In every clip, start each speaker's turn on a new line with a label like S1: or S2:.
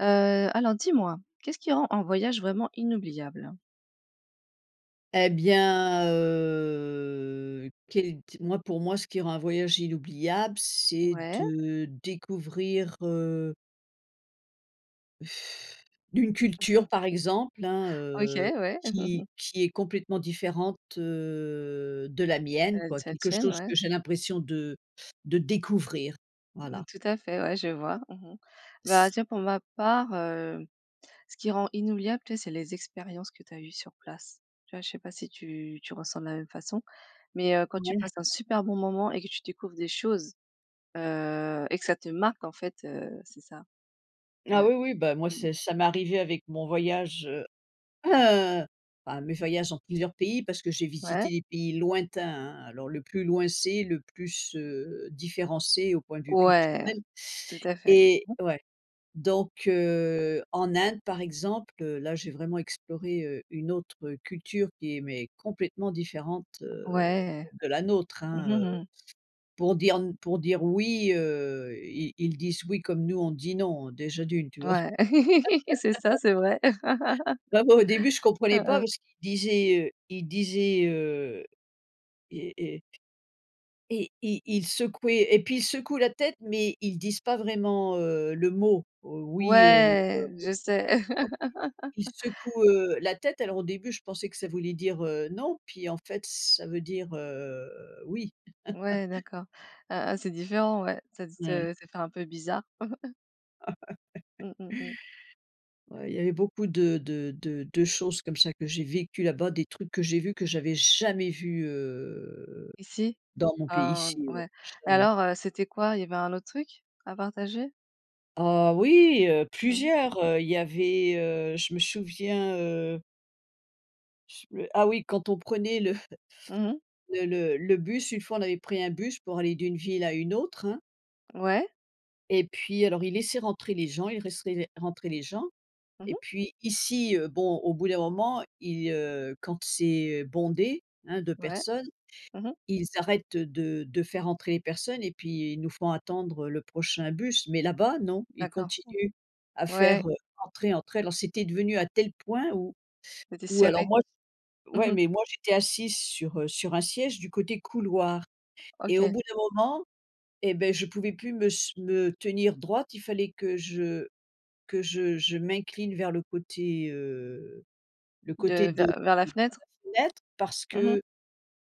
S1: Heu, alors dis-moi, qu'est-ce qui rend un voyage vraiment inoubliable?
S2: Et bien, heu, quelle t moi, pour moi, ce qui rend un voyage inoubliable, c'est
S1: Ouais.
S2: de découvrir, heu d'une culture par exemple, hein,
S1: OK,
S2: heu,
S1: ouais.
S2: qui qui est complètement différente, heu, de la mienne,
S1: Heu,
S2: quoi,
S1: de la
S2: quelque
S1: tienne,
S2: chose
S1: ouais.
S2: que j'ai l'impression de de découvrir,
S1: Mmh,
S2: voilà.
S1: tout à fait, ouais, je vois. Mmh mh,
S2: C
S1: bah, tiens, pour ma part, heu, ce qui rend inoubliable, tu sais, c'est les expériences que tu as eues sur place. Tu vois, je sais pas si tu tu ressens de la même façon, mais, heu, quand tu
S2: Ouais.
S1: passes un super bon moment et que tu découvres des choses, heu et que ça te marque en fait, heu, c'est ça.
S2: Ah
S1: Ouais.
S2: oui, oui, bah moi,
S1: Mmh
S2: c'est
S1: mh.
S2: ça m'arrivait avec mon voyage, heu, à mes voyages dans plusieurs pays, parce que j'ai
S1: Ouais.
S2: visité des pays lointains, hein. Alors le plus loin c'est, le plus, heu, différent, c'est au point de vue
S1: Ouais.
S2: culturel
S1: Tout à fait.
S2: et ouais, donc, heu, en Inde par exemple, heu, là, j'ai vraiment exploré, heu, une autre culture qui est, mais, complètement différente, heu,
S1: Ouais.
S2: de la nôtre,
S1: Mmh
S2: hein, heu,
S1: mh, mmh.
S2: pour dire n pour dire: «Oui», heu, ils ils disent: «Oui» comme nous on dit: «Non», déjà d'une, tu vois?
S1: Ouais. C'est ça, c'est vrai.
S2: Bah, moi, au début je comprenais
S1: Hein
S2: pas
S1: hein.
S2: parce qu'ils disaient, heu, ils disaient, heu et et ...et ils ils secouaient et puis ils secouent la tête, mais ils disent pas vraiment, heu, le mot, heu: «Oui», heu, [unintelligible]
S1: Ouais, je sais.
S2: ils secouent, heu, la tête. Alors au début, je pensais que ça voulait dire, heu: «Non», puis, en fait, ça veut dire, heu: «Oui».
S1: Ouais d'accord, ah ah c'est différent, ouais. Ça te
S2: Ouais.
S1: ça fait un peu bizarre. Mmh mh mh.
S2: Ouais, il y avait beaucoup de de de de choses comme ça que j'ai vécues là-bas. Des trucs que j'ai vus que j'avais jamais vus, heu,
S1: Ici,
S2: dans mon
S1: heu,
S2: pays
S1: n
S2: ici, ouais
S1: ouais.
S2: jamais.
S1: Alors, heu, c'était quoi, il y avait un autre truc à partager?
S2: Ah oui, heu,
S1: Mmh mh.
S2: plusieurs, heu, il y avait, heu, je me souviens, heu S me ah oui, quand on prenait le
S1: Mmh mh.
S2: le le le bus, une fois, on avait pris un bus pour aller d'une ville à une autre, hein
S1: Ouais.
S2: et puis alors ils laissaient rentrer les gens, ils laissaient rentrer les gens
S1: Mmh
S2: et
S1: mh.
S2: puis ici, heu, bon, au bout d'un moment, ils, heu, quand c'est bondé, hein, de
S1: Ouais.
S2: personnes,
S1: Mmh mh.
S2: ils arrêtent, heu, de de faire entrer les personnes et puis ils nous font attendre, heu, le prochain bus. Mais là-bas, non, ils
S1: D'accord.
S2: continuent à
S1: Mmh. Ouais.
S2: faire, heu, entrer, entrer. Alors c'était devenu à tel point ou
S1: C était
S2: ou alors
S1: serré.
S2: moi s
S1: Mmh
S2: ouais.
S1: mh.
S2: Mais moi j'étais assise sur, heu, sur un siège du côté couloir et au
S1: OK.
S2: bout d'un moment et beh, je pouvais plus me s me tenir droite. Il fallait que je que je je m'incline vers le côté, heu, le côté
S1: De
S2: de
S1: vers vers la
S2: de
S1: fenêtre.
S2: la fenêtre. Parce
S1: Mmh mh.
S2: que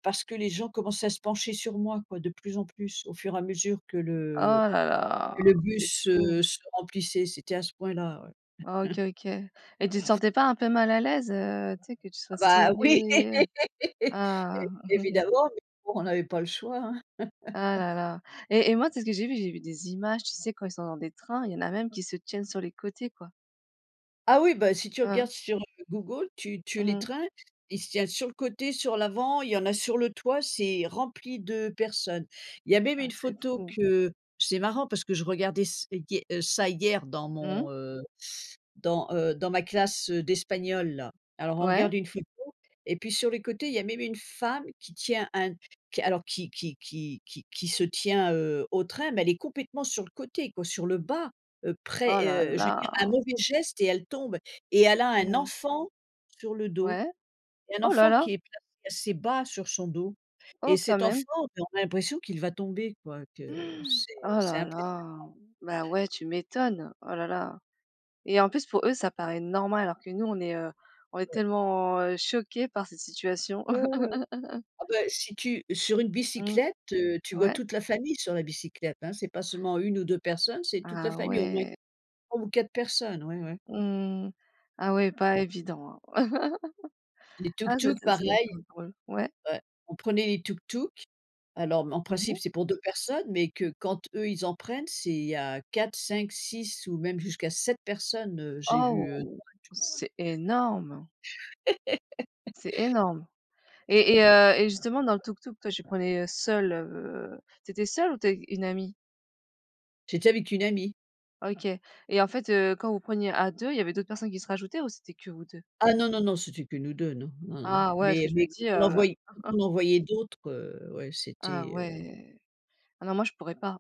S2: parce que les gens commençaient à se pencher sur moi quoi, de plus en plus au fur et à mesure que
S1: Oh
S2: le,
S1: là
S2: que
S1: là,
S2: le
S1: c'est
S2: bus,
S1: fou.
S2: heu, se remplissait. C'était à ce point-là ouais.
S1: Ah OK OK et tu te sentais pas un peu mal à l'aise, heu, tu sais que tu sois
S2: Ah bah oui
S1: serrée heu? Ah.
S2: é évidemment, mais bon on avait pas le choix, hein.
S1: Ah là là et et moi tu sais ce que j'ai vu? J'ai vu des images, tu sais quand ils sont dans des trains, il y en a même qui se tiennent sur les côtés quoi.
S2: Ah oui, bah si tu
S1: Ah.
S2: regardes sur, heu, Google, tu tu
S1: Mmh
S2: les
S1: mh.
S2: trains, ils se tiennent sur le côté, sur l'avant, y en a sur le toit, c'est rempli de personnes. Il y a même
S1: Ah
S2: une
S1: c'est
S2: photo
S1: fou.
S2: que c'est marrant parce que je regardais s hie heu, ça, hier dans
S1: Mmh.
S2: mon, heu, dans, heu, dans ma classe, heu, d'espagnol là. Alors on
S1: Ouais.
S2: regarde une photo et puis sur les côtés, y a même une femme qui tient un qui alors, qui qui qui qui qui se tient, heu, au train. Mais elle est complètement sur le côté quoi, sur le bas, heu,
S1: Oh la
S2: près, heu je veux dire un
S1: la!
S2: mauvais geste et elle tombe et elle a
S1: Mmh
S2: un
S1: mh.
S2: enfant sur le dos
S1: Ouais.
S2: et un
S1: Oh la
S2: enfant
S1: la!
S2: qui est placé assez bas sur son do et
S1: Oh quand
S2: cet enfant,
S1: même!
S2: on a l'impression qu'il va tomber quoi, que c'est
S1: Oh
S2: c'est
S1: la
S2: impressionnant.
S1: la. Bah,
S2: Ouais.
S1: ouais tu m'étonnes. Oh la la et en plus pour eux ça paraît normal alors que nous on est, heu, on est
S2: Ouais.
S1: tellement, heu, choqués par cette situation.
S2: Mmh mh. Ah bah, si tu sur une
S1: Mmh.
S2: bicyclette, heu, tu vois
S1: Ouais.
S2: toute la famille sur la bicyclette, hein. C'est pas seulement 1 ou 2 personnes, c'est toute la
S1: Ah
S2: famille, au moins
S1: ouais!
S2: 3 ou 4 personnes. Ouais, ouais.
S1: Mmh mh. Ah ouais, pas évident hein.
S2: Les
S1: Ah c'est
S2: tuk-tuk
S1: c'est ça doit être
S2: pareil.
S1: trop drôle. Ouais.
S2: Ouais. On prenait les tuk-tuk. Alors, m en
S1: Mmh
S2: principe,
S1: mh.
S2: c'est pour 2 personnes, mais que quand eux ils en prennent, c'est il y a 4-5-6 ou même jusqu'à 7 personnes, heu, j'ai vu, heu, sur
S1: Oh!
S2: un tuk-tuk.
S1: C'est énorme! C'est énorme et et heu, et justement dans le tuk-tuk, toi, tu prenais seule, heu, tu étais seule ou tu es une amie?
S2: C'était avec une amie.
S1: Ok et en fait, heu, quand vous preniez à 2 il y avait d'autres personnes qui se rajoutaient, ou c'était que vous 2?
S2: Ah non non non c'était que nous 2, non, non non,
S1: Ah ouais parce que
S2: mais
S1: je me
S2: mais,
S1: dis,
S2: on en
S1: heu
S2: voyait on en voyait d'autres, heu, ouais
S1: Ah
S2: c'était, heu
S1: ouais. Ah non moi je pourrais pas,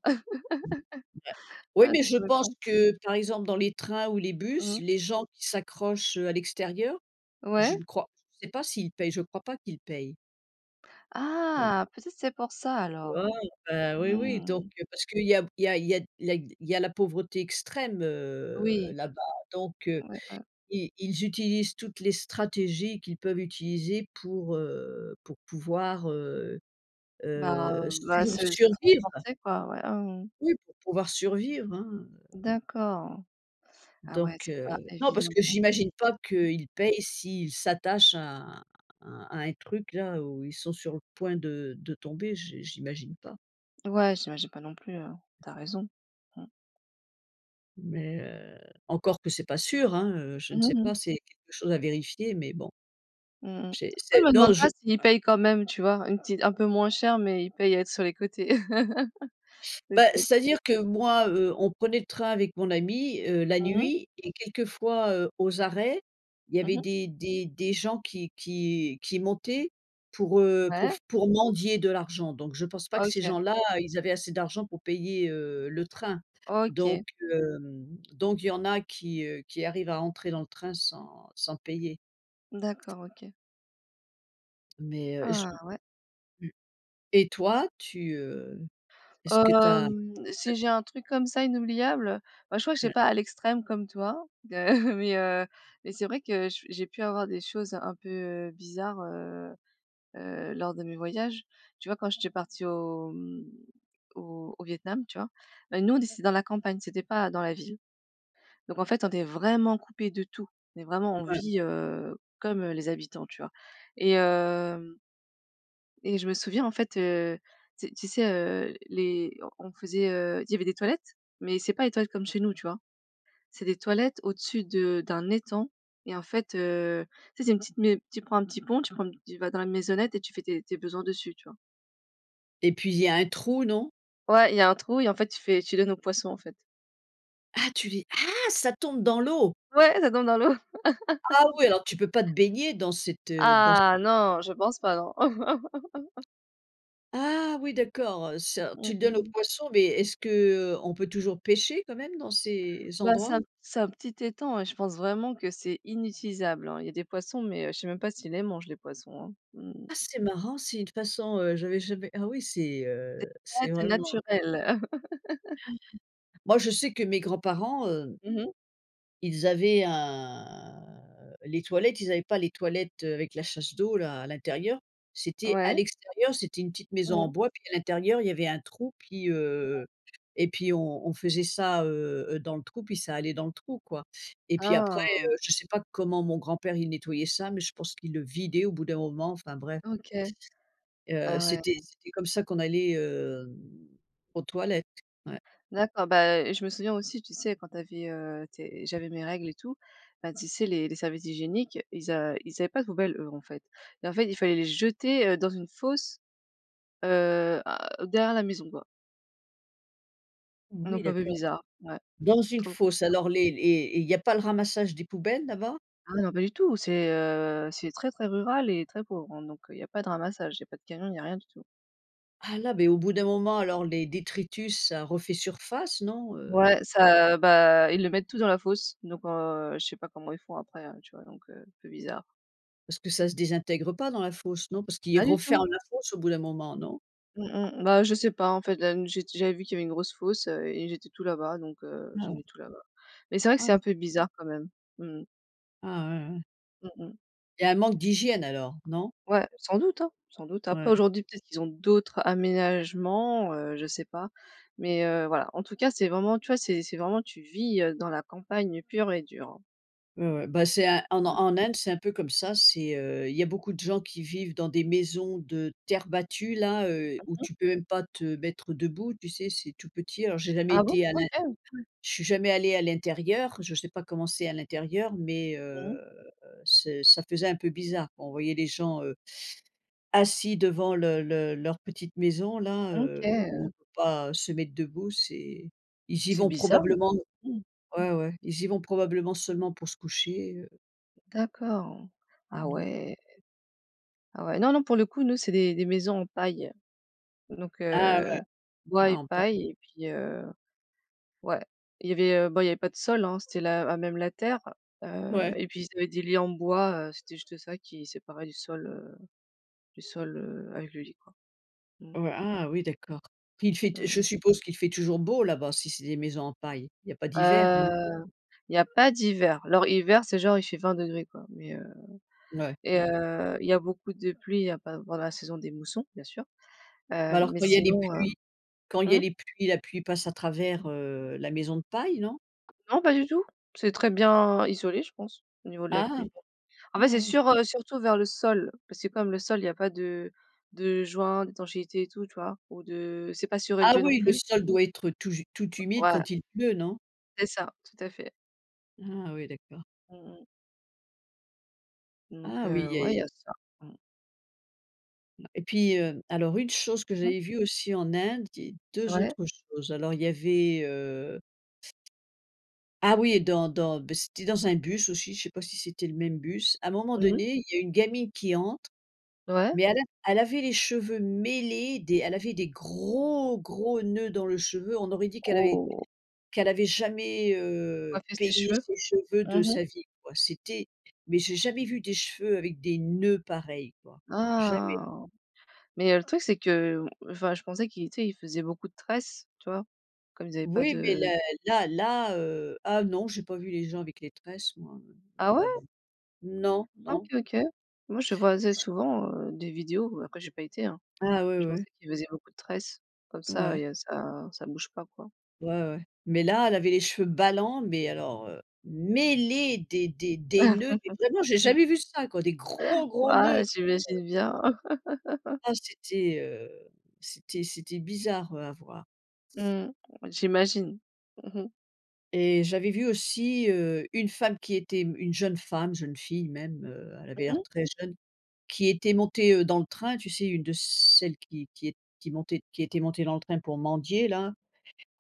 S2: Heu ouais, oui
S1: ah je
S2: mais je
S1: pourrais
S2: pense
S1: pas.
S2: que par exemple, dans les trains ou les bus,
S1: Mmh.
S2: les gens qui s'accrochent, heu, à l'extérieur, je
S1: Ouais.
S2: ne crois je ne sais pas s'ils payent, je crois pas qu'ils payent. Mmh.
S1: Ah peut-être c'est pour ça
S2: Heu,
S1: alors.
S2: ah ben oui oui,
S1: Mmh
S2: donc
S1: mh.
S2: heu, parce que il y a b il y a il y a d la y d il y a la pauvreté extrême, heu,
S1: Oui.
S2: là-bas donc heu,
S1: Ouais, ouais.
S2: i ils utilisent toutes les stratégies qu'ils peuvent utiliser pour, heu, pour pouvoir, heu,
S1: Ben
S2: heu,
S1: heu, ben
S2: sui
S1: se se
S2: survivre
S1: transporter quoi, voilà mmh.
S2: oui pour pouvoir survivre, hein, heu
S1: D'accord. Ah ouais
S2: donc
S1: c'est pas
S2: heu, non parce
S1: évident
S2: que
S1: du
S2: j'imagine pas
S1: tout.
S2: qu'ils payent si ils s'attachent à un à un à un truc là où ils sont sur le point de de tomber je j'imagine pas.
S1: Ouais j'imagine pas non plus hein, tu as raison, mmh.
S2: Mais heu, encore que c'est pas sûr, hein, heu, je ne
S1: Mmh
S2: sais
S1: mh.
S2: pas, c'est quelque chose à vérifier, mais bon.
S1: Mmh, mmh.
S2: J'ai
S1: Moi, je
S2: c'est
S1: me demande
S2: non,
S1: pas
S2: je
S1: s'ils payent quand même, tu vois? Une petite un peu moins cher, mais ils paient à être sur les côtés..
S2: Bah,
S1: [unintelligible]
S2: c'est-à-dire que moi, heu, on prenait le train avec mon ami, heu, la
S1: Mmh mh.
S2: nuit et quelquefois, heu, aux arrêts, il y
S1: Mmh
S2: avait
S1: mh.
S2: des des des gens qui qui qui montaient pour, heu, pour
S1: Ouais.
S2: f pour mendier de l'argent, donc je pense pas que ces
S1: OK.
S2: gens-là ils avaient assez d'argent pour payer, heu, le train, donc
S1: OK.
S2: hem, donc il y en a qui, heu, qui arrivent à entrer dans le train sans sans payer.
S1: D'accord, OK.
S2: Mais heu, j
S1: Ah! Ouais.
S2: mmh, et toi, tu, heu, est-ce que tu as
S1: Hem,
S2: déjà
S1: si
S2: fait
S1: j'ai un truc comme ça inoubliable, moi, je crois que je vais
S2: Ouais.
S1: pas à l'extrême comme toi, d heu, mais heu, mais c'est vrai que je j'ai pu avoir des choses un peu bizarres, heu heu, lors de mes voyages, tu vois? Quand j'étais partie au, mmh, au au Vietnam, tu vois? Ben, nous on d c'était dans la campagne, c'était pas dans la ville, donc en fait, on est vraiment coupé de tout, on est vraiment on
S2: Ouais.
S1: vit, heu, comme, heu, les habitants, tu vois? Et hem et je me souviens, en fait, heu, tu sais tu sais, heu, les on on faisait, heu, il y avait des toilettes, mais c'est pas les toilettes comme chez nous, tu vois? C'est des toilettes au-dessus de d'un étang et en fait, heu, tu sais, c'est une petite mai tu prends un petit pont, tu prends tu vas dans la maisonnette et tu fais tes tes besoins dessus, tu vois?
S2: Et puis il y a un trou, non?
S1: Ouais, y a un trou et en fait tu fais tu donnes aux poissons en fait.
S2: Ah tu les ah! Ça tombe dans l'eau?
S1: Ouais, ça tombe dans l'eau.
S2: Ah oui, alors tu peux pas te baigner dans cet, heu, dans cet
S1: Ah
S2: étang-là.
S1: non! Je pense pas non.
S2: Ah oui, d'accord, heu, ça
S1: Mmh,
S2: tu le
S1: mmh
S2: donnes aux
S1: mh.
S2: poissons, mais, est-ce qu'on peut toujours pêcher quand même dans ces
S1: Ben, c'est
S2: endroits?
S1: un c'est un petit étang, ouais, je pense vraiment que c'est inutilisable, hein, y a des poissons, mais je sais même pas s'ils les mangent les poissons, hein. Mmh mh.
S2: Ah c'est marrant. C'est une façon, heu, j'avais jamais ah oui, c'est,
S1: C'est
S2: heu, c'est
S1: nat
S2: vraiment un
S1: naturel.
S2: Moi je sais que mes grands-parents, heu
S1: Mmh mh.
S2: ils avaient un, heu, les toilettes ils avaient pas les toilettes, heu, avec la chasse d'eau là, à l'intérieur. C'était à
S1: Ouais.
S2: l'extérieur, c'était une petite maison en
S1: Mmh.
S2: bois, puis à l'intérieur y avait un trou, puis,
S1: Ouais.
S2: heu et puis on on faisait ça, heu, heu dans le trou, puis ça allait dans le trou quoi et puis après,
S1: Ah!
S2: heu, je sais pas comment mon grand-père, il nettoyait ça, mais je pense qu'il le vidait au bout d'un moment. Enfin bref
S1: OK.
S2: heu
S1: Ah ouais.
S2: c'était c'était comme ça qu'on allait, hem, aux toilettes. Ouais.
S1: D'accord. Bah, heu, je me souviens aussi tu sais, quand tu avais, heu, tes j'avais mes règles et tout. Bah tu sais les les serviettes hygiéniques ils a ils avaient pas de poubelles, eux, en fait et en fait, il fallait les jeter, heu, dans une fosse, heu, à derrière la maison quoi.
S2: Oui,
S1: Donc un peu
S2: d'accord.
S1: bizarre, ouais,
S2: Dans une
S1: trop
S2: fosse?
S1: bizarre.
S2: Alors les les et il y a pas le ramassage des poubelles là-bas?
S1: Ah mais non, pas du tout. C'est, heu, c'est très très rural et très pauvre, hein donc il y a pas de ramassage. Il y a pas de camion. Il n'y a rien du tout.
S2: Ah là, beh, au bout d'un moment, alors, les détritus, ça refait surface, non? Heu
S1: Ouais, ça bah, ils le mettent tout dans la fosse, donc heu, je sais pas comment ils font après, hein, tu vois? Donc heu, un peu bizarre.
S2: Parce que ça se désintègre pas dans la fosse, non? Parce qu'ils
S1: Pas du tout.
S2: referment la fosse au bout d'un moment, non?
S1: Mmh mh, bah, je sais pas, en fait, là m j'ai j'avais vu qu'il y avait une grosse fosse, heu et j'étais tout là-bas donc heu, j'ai
S2: Ah.
S1: mis tout là-bas. Mais c'est vrai que c'est
S2: Ouais.
S1: un peu bizarre, quand même. Mmh mh.
S2: Ah ouais, ouais.
S1: Mmh mh.
S2: Il y a un manque d'hygiène alors, non?
S1: Ouais, sans doute, hein, sans doute. Après,
S2: Ouais.
S1: aujourd'hui, peut-être qu'ils ont d'autres aménagements, heu, je sais pas, mais heu, voilà, en tout cas, c'est vraiment tu vois, c'est c'est vraiment tu vis, heu, dans la campagne pure et dure, hein.
S2: Ouais, ouais, bah, c'est un en
S1: Mmh.
S2: en Inde, c'est un peu comme ça, c'est heu, il y a beaucoup de gens qui vivent dans des maisons de terre battue, là, heu,
S1: Mmh
S2: où
S1: mh.
S2: tu peux même pas te mettre debout, tu sais? C'est tout petit. Alors, j'ai jamais
S1: Ah bon?
S2: été à l'int
S1: OK.
S2: je suis jamais allée à l'intérieur, je sais pas comment c'est à l'intérieur, mais
S1: Mmh
S2: heu,
S1: mh.
S2: c'est ça faisait un peu bizarre, quoi. On voyait les gens, heu, assis devant le le leur petite maison-là,
S1: Mmh OK
S2: heu, où on
S1: heu
S2: peut pas se mettre debout. C'est ils y
S1: C'est
S2: vont
S1: bizarre!
S2: probablement
S1: Mmh.
S2: ouais, ouais, ils y vont probablement seulement pour se coucher, heu
S1: D'accord. Ah
S2: Mmh mh.
S1: ouais. Ah ouais. Non, non, pour le coup, nous, c'est des des maisons en paille donc
S2: Ah ouais!
S1: heu, bois
S2: Ah,
S1: et
S2: en paille.
S1: paille et puis heu, ouais, il y avait, heu, bon, il y avait pas de sol, hein, c'était la à même la terre, heu
S2: Ouais.
S1: et puis, ils avaient des lits en bois, heu, c'était juste ça qui séparait du sol, heu, du sol, heu, avec le lit, quoi. Mmh.
S2: Ouais. Ah oui, d'accord, puis il fait
S1: Mmh
S2: t je
S1: mh.
S2: suppose qu'il fait toujours beau, là-bas, si c'est des maisons en paille. Il y a pas d'hiver, non?
S1: Heu, il y a pas d'hiver, alors, hiver, c'est genre, il fait 20 degrés, quoi, mais heu
S2: Ouais.
S1: et
S2: Ouais.
S1: heu, il y a beaucoup de pluie, il y a pas à part la saison des moussons, bien sûr,
S2: Bah,
S1: heu,
S2: alors,
S1: mais
S2: quand il y a les
S1: sinon, heu.
S2: pluies quand il y a
S1: Mmh?
S2: les pluies, la pluie passe à travers, heu, la maison de paille, non?
S1: Non, pas du tout. C'est très bien isolé, je pense, au niveau de la
S2: Ah
S1: pluie,
S2: bon!
S1: en fait,
S2: Ah
S1: c'est
S2: oui.
S1: sur, heu, surtout vers le sol parce que comme le sol, il y a pas de de joint d'étanchéité et tout, tu vois? Ou de c'est pas
S2: Ah
S1: surélevé, non
S2: oui, le
S1: plus.
S2: sol doit être tout j tout humide
S1: Ouais.
S2: quand il pleut, non?
S1: C'est ça. Tout à fait.
S2: Ah oui, d'accord.
S1: Mmh mh. Donc
S2: Ah oui
S1: heu, ouais il y
S2: et
S1: a ça, mmh.
S2: Ma et puis, heu, alors une chose que
S1: Mmh mh.
S2: j'avais vu aussi en Inde et 2
S1: Ouais.
S2: autres choses. Alors, il y avait, heu, ah oui, dans dans, beh, c'était dans un bus aussi, je sais pas si c'était le même bus, à un moment
S1: Mmh mh.
S2: donné, il y a une gamine qui entre,
S1: Ouais.
S2: mais elle a elle avait les cheveux mêlés, des elle avait des gros gros noeuds dans le cheveux, on aurait dit qu'elle avait
S1: Oh.
S2: qu'elle avait jamais, heu,
S1: Coiffer ses
S2: peigné
S1: cheveux.
S2: ses cheveux
S1: Mmh
S2: de
S1: mh.
S2: sa vie quoi. C'était mais, j'ai jamais vu des cheveux avec des noeuds pareils quoi, jamais!
S1: Ah. Mais le truc c'est que, heu, enfin je pensais, qu'ils tu sais, ils faisaient beaucoup de tresses, tu vois? Comme ils avaient pas
S2: Oui mais
S1: de
S2: là là là, heu, ah non j'ai pas vu les gens avec les tresses moi,
S1: Ah
S2: non,
S1: ouais?
S2: là-bas, non,
S1: Ah, OK,
S2: non.
S1: OK moi je voyais
S2: Ch
S1: souvent, heu, des vidéos, après j'ai pas été, hein.
S2: Ah, ouais,
S1: Je
S2: ouais.
S1: pensais qu'il faisait beaucoup de tresses comme ça
S2: Ouais.
S1: et heu, ça ça bouge pas quoi.
S2: Ouais, ouais. Mais là, elle avait les cheveux ballants, mais alors, heu, mêlés, des des des noeuds, mais vraiment, j'ai
S1: Mmh.
S2: jamais vu ça quoi, des gros gros noeuds.
S1: Waouh
S2: Heu
S1: j'imagine bien.
S2: Ah c'était, heu, c'était c'était bizarre, heu, à voir.
S1: Mmh, j'imagine mmh mh
S2: Et j'avais vu aussi, heu, une femme qui était m une jeune femme, une jeune fille même, heu, elle avait
S1: Mmh
S2: l'air
S1: mh.
S2: très jeune, qui était montée, heu, dans le train, tu sais une de celles qui qui ét qui montait qui était montée dans le train pour mendier là.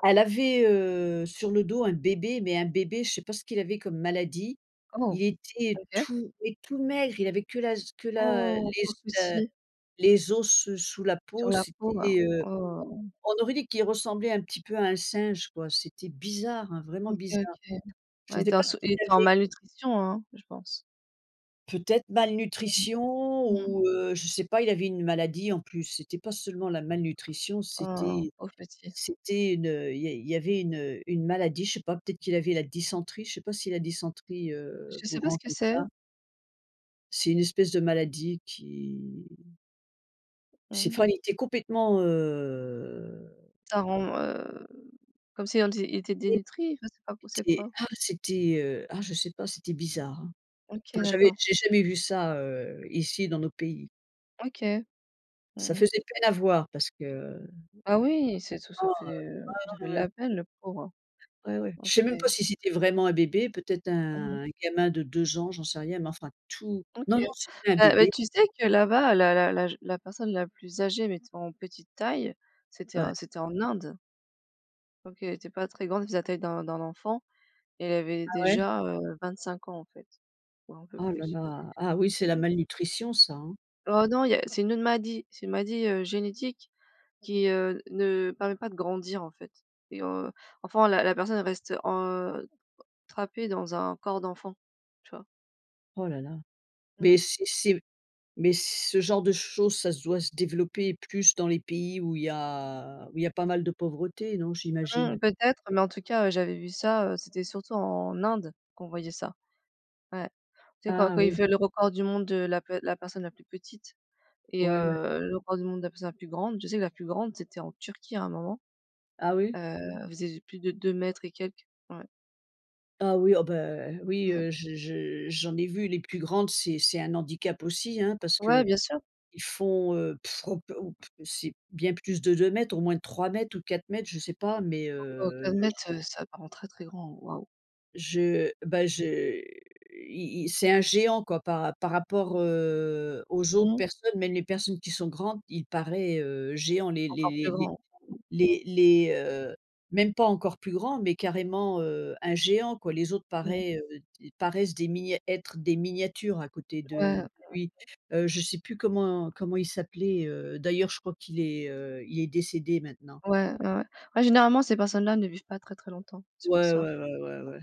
S2: Elle avait, heu, sur le dos un bébé, mais un bébé, je sais pas ce qu'il avait comme maladie.
S1: Oh,
S2: Il était
S1: OK.
S2: tout et tout maigre, il avait que la z que la, heu,
S1: Oh,
S2: les
S1: pauvre
S2: os, heu,
S1: petit.
S2: les os ce sous la
S1: Sur
S2: peau,
S1: la peau? Waouh.
S2: c'était, heu,
S1: Waouh, waouh, waouh.
S2: on aurait dit qu'il ressemblait un petit peu à un singe quoi, c'était bizarre, hein, vraiment
S1: OK,
S2: bizarre.
S1: OK. Ouais,
S2: Je
S1: il
S2: sais
S1: était en
S2: pas ce
S1: sous il
S2: qu'il
S1: était en
S2: avait.
S1: malnutrition, hein? Je pense.
S2: Peut-être malnutrition
S1: Mmh. Mmh.
S2: ou, heu, je sais pas, il avait une maladie en plus, c'était pas seulement la malnutrition,
S1: Oh,
S2: c'était
S1: pauvre petit.
S2: c'était une, heu, il y a il y avait une, heu, une maladie je sais pas, peut-être qu'il avait la dysenterie, je sais pas si la dysenterie, heu,
S1: Je sais
S2: vous
S1: pas ce
S2: rend
S1: que
S2: comme ça.
S1: c'est.
S2: C'est une espèce de maladie qui
S1: Mmh
S2: c'est
S1: mh.
S2: enfin il était complètement heu
S1: Ça rend, heu, comme si on dit il était
S2: et
S1: dénutri je sais pas trop, c'est
S2: c'était
S1: quoi?
S2: ah c'était, heu, ah je sais pas, c'était bizarre, hein.
S1: OK,
S2: Enfin j'avais
S1: d'accord.
S2: j'ai jamais vu ça, heu, ici dans nos pays.
S1: OK.
S2: Ça
S1: Mmh mh.
S2: faisait peine à voir parce que, mmh,
S1: Ah oui, c'est tout ça
S2: heu,
S1: fait, heu, ça
S2: ah,
S1: fait de
S2: heu. [unintelligible]
S1: la peine le pauvre.
S2: Ouais, ouais.
S1: OK.
S2: Je sais même pas si c'était vraiment un bébé, peut-être
S1: Mmh
S2: un
S1: mh.
S2: un gamin de 2 ans, j'en sais rien. Mais enfin, tout
S1: OK.
S2: non, non, c'était un
S1: Heu, mais
S2: bébé.
S1: tu sais que là-bas, l'â l'â l'âge la personne, la plus âgée, mais tu sais en petite taille, c'était, heu,
S2: Ouais.
S1: c'était en Inde donc elle était pas très grande, elle faisait la taille d'un d'un enfant. Elle avait
S2: Ah ouais.
S1: déjà, heu, 25 ans en fait, ou un peu
S2: Oh là
S1: plus.
S2: là, ah oui,
S1: Et
S2: c'est la
S1: heu
S2: malnutrition ça, hein.
S1: Oh non il y a c'est une autre maladie. C'est une maladie, heu, génétique qui, heu, ne permet pas de grandir en fait et heu, enfin la la personne elle reste, heu, trapée dans un corps d'enfant, tu vois?
S2: Oh là là. Mais
S1: Mmh.
S2: si c'est mais ce genre de chose, ça doit se développer plus dans les pays où il y a où il y a pas mal de pauvreté, non
S1: Mmh,
S2: j'imagine?
S1: peut-être. Mais en tout cas, heu, j'avais vu ça, heu, c'était surtout en Inde, qu'on voyait ça. Ouais. Tu sais quand
S2: Ah
S1: quand il
S2: oui.
S1: fait le record du monde de la de la personne la plus petite et
S2: Ouais, ouais.
S1: heu, le record du monde de la personne la plus grande je sais que la plus grande c'était en Turquie à un moment.
S2: Ah oui?
S1: Heu, elle faisait plus de 2 m et quelques. Ouais.
S2: Ah oui, oh bah, oui,
S1: Ouais.
S2: heu, je je j'en ai vu, les plus grandes, c'est c'est un handicap aussi hein, parce
S1: Ouais,
S2: qu'ils
S1: bien sûr.
S2: font, heu, Heu, ou p ou p c'est bien plus de 2 m, au moins 3 m ou 4 m, je sais pas mais,
S1: Oh oh
S2: heu,
S1: quatre
S2: le
S1: mètres,
S2: je
S1: heu, ça parait très très grand, waouh!
S2: je ben je il il c'est un géant quoi, par rap par rapport, heu, aux autres
S1: Mmh.
S2: personnes, même les personnes qui sont grandes, il paraît, heu, géant les les
S1: Encore plus
S2: les
S1: grand.
S2: les les, heu, même pas encore plus grand. Mais carrément, heu, un géant quoi, les autres
S1: Mmh mh.
S2: paraît, heu, d paraissent des minis êtres des miniatures à côté
S1: Ouais.
S2: de
S1: Heu, heu
S2: lui. Heu, je sais plus comment comment il s'appelait, heu, d'ailleurs je crois qu'il est, heu, il est décédé maintenant.
S1: Ouais, ouais, ouais. Ouais, généralement, ces personnes-là ne vivent pas très, très longtemps, c'est pour
S2: Ouais,
S1: ça.
S2: ouais, ouais, ouais, ouais.